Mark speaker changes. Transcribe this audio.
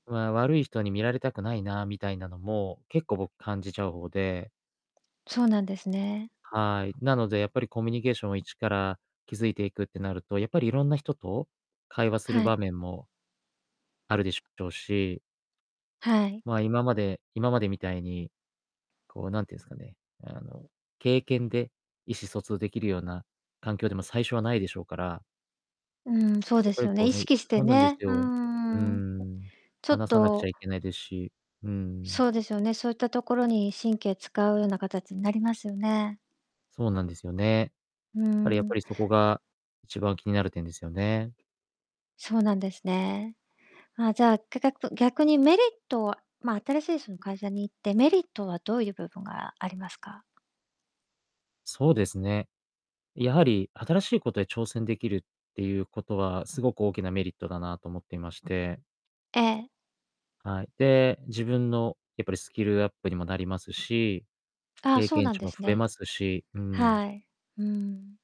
Speaker 1: まあ、悪い人に見られたくないな、みたいなのも、結構僕感じちゃう方で
Speaker 2: そうなんですね。
Speaker 1: はい。なので、やっぱりコミュニケーションを一から築いていくってなると、やっぱりいろんな人と会話する
Speaker 2: は
Speaker 1: 場
Speaker 2: い。
Speaker 1: 面もあるでしょうし。
Speaker 2: はい。
Speaker 1: ま、今まで今までみたいに、こうなんていうんすかね、あの、経験で意思疎通出来るような環境でも最初はないでしょうから。
Speaker 2: うん、そう
Speaker 1: や
Speaker 2: で
Speaker 1: っぱ
Speaker 2: す
Speaker 1: り
Speaker 2: よね、
Speaker 1: こ
Speaker 2: 意
Speaker 1: うね
Speaker 2: 識して
Speaker 1: そうなんです
Speaker 2: ね。うー
Speaker 1: よ。う
Speaker 2: ん。
Speaker 1: ん。
Speaker 2: ちょっ
Speaker 1: 話さなくちゃ
Speaker 2: と
Speaker 1: いけないですし、うん。
Speaker 2: そうですよね。そういったところに神経使うな形になりますよね。
Speaker 1: そうなんですよね。
Speaker 2: う
Speaker 1: あれやっ
Speaker 2: ん。
Speaker 1: ぱりそこが、一番気になる点ですよね。
Speaker 2: そうなんですね。あ、じゃあ、ぎゃ逆逆にメリットはま、新しいその会社に行って、メリットはどういう部分がありますか？
Speaker 1: そうですね。やはり、新しいことに挑戦出来るっていうことは、すごく大きなメリットだなと思っていまして。
Speaker 2: ええ。
Speaker 1: はい。で、自分のやっぱりスキルアップにもなりますし、
Speaker 2: ああ、
Speaker 1: 経
Speaker 2: そう
Speaker 1: 験
Speaker 2: なん
Speaker 1: 値
Speaker 2: で
Speaker 1: も
Speaker 2: す
Speaker 1: 増え
Speaker 2: ね。
Speaker 1: ますし、うん。
Speaker 2: はい、うん。